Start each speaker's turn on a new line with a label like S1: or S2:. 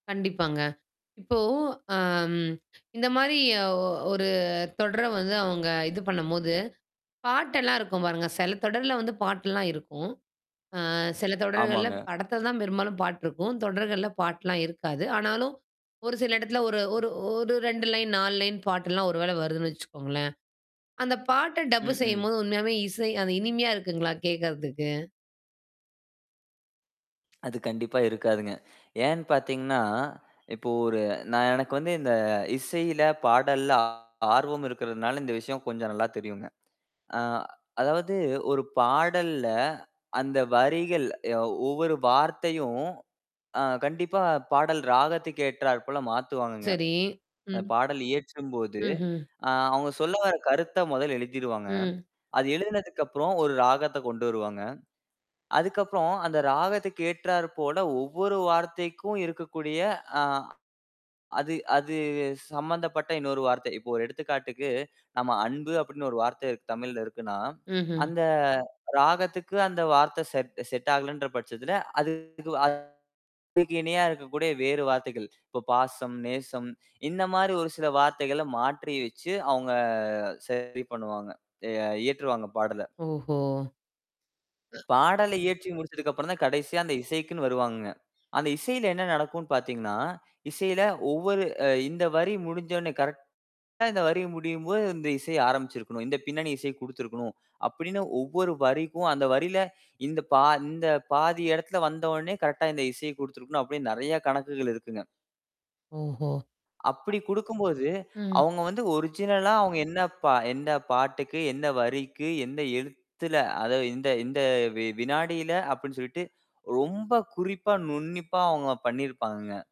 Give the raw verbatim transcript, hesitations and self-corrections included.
S1: கண்டிப்பாங்க. இப்போ ஆ ம் இந்த மாரி ஒ ஒரு தொடர் வந்து அவங்க இது பண்ணும்போது, பாட்டு எல்லாம் இருக்கும் பாருங்க. சில தொடர்ல வந்து பாட்டுல்லாம் இருக்கும். அ சில தொடர்கள்ல
S2: ஆமாங்க.
S1: படத்துல தான் பெரும்பாலும் பாட்டு இருக்கும். தொடர்கள்ல பாட்டுலாம் இருக்காது. ஆனாலும் ஒரு சில இடத்துல ஒரு ஒரு ஒரு ரெண்டு லைன் நாலு லைன் பாட்டுலாம் ஒருவேளை வருதுன்னு வச்சுக்கோங்களேன். அந்தப் பாட்டை டப்பு
S2: ம்ஹ்ம்.
S1: செய்யும்போது உண்மையாவே இசை அது இனிமையா இருக்குங்களா கேக்குறதுக்கு?
S2: அது கண்டிப்பா இருக்காதுங்க. ஏன் பார்த்தீங்கன்னா, இப்போ ஒரு நான் எனக்கு வந்து இந்த இசையில, பாடல்ல ஆ ஆர்வம் இருக்குறதுனால இந்த விஷயம் கொஞ்சம் நல்லா தெரியும்ங்க. அ அதாவது ஒரு பாடல்ல அந்த வரிகள் ஒவ்வொரு வார்த்தையும் அ கண்டிப்பா பாடல் ராகத்துக்கு ஏற்றார் போல மாத்துவாங்கங்க.
S1: சரி,
S2: அந்தப்
S1: ம்.
S2: பாடல் இயற்றும்போது,
S1: ம்ஹ்ம்.
S2: அ அவங்க சொல்ல வர கருத்தை முதல் எழுதிடுவாங்க.
S1: ம்.
S2: அது எழுதுனதுக்கப்புறம் ஒரு ராகத்தை கொண்டு வருவாங்க. அதுக்கப்புறம் அந்த ராகத்துக்கு ஏற்றார் போல ஒவ்வொரு வார்த்தைக்கும் இருக்கக்கூடிய அ அது அது சம்பந்தப்பட்ட இன்னொரு வார்த்தை இப்போ ஒரு எடுத்துக்காட்டுக்கு, நம்ம அன்பு அப்படினு ஒரு வார்த்தை தமிழ்ல இருக்குன்னா,
S1: ம்ஹ்ம்.
S2: அந்த ராகத்துக்கு அந்த வார்த்தை செட் செட் ஆகலன்ற பட்சத்துல அது அதுக்கு இணையா இருக்கக்கூடிய வேறு வார்த்தைகள் இப்போ பாசம், நேசம் இந்த மாதிரி ஒரு சில வார்த்தைகள மாற்றி வச்சு அவங்க சரி பண்ணுவாங்க அ இயற்றுவாங்க பாடலை.
S1: ஓஹோ!
S2: பாடல் இயற்றி முடிச்சதுக்கப்புறம் தான் கடைசியா அந்த இசைக்குன்னு வருவாங்கங்க. அந்த இசையில என்ன நடக்கும்னு பார்த்தீங்கன்னா, இசையில ஒவ்வொரு இந்த வரி முடிஞ்சோனே கரெக்ட்டா இந்த வரி முடியும்போது, இந்த இசை ஆரம்பிச்சிருக்கணும். இந்தப் பின்னணி இசையை குடுத்திருக்கணும் அப்படின்னு, ஒவ்வொரு வரிக்கும் அந்த வரியில இந்த பா இந்த பாதி இடத்துல வந்தோனே கரெக்ட்டா இந்த இசையை குடுத்திருக்கணும் அப்படின்னு நிறைய கணக்குகள் இருக்குங்க.
S1: ஓஹோ.
S2: அப்படி கொடுக்கும் போது
S1: ம்.
S2: அவங்க வந்து ஒரிஜினலா அவங்க என்ன பா என்ன பாட்டுக்கு என்ன வரிக்கு எந்த எழுத்துல அதை இந்த இந்த வினாடியில அப்படின்னு சொல்லிட்டு ரொம்ப குறிப்பா, நுண்ணிப்பா அவங்க பண்ணி இருப்பாங்கங்க.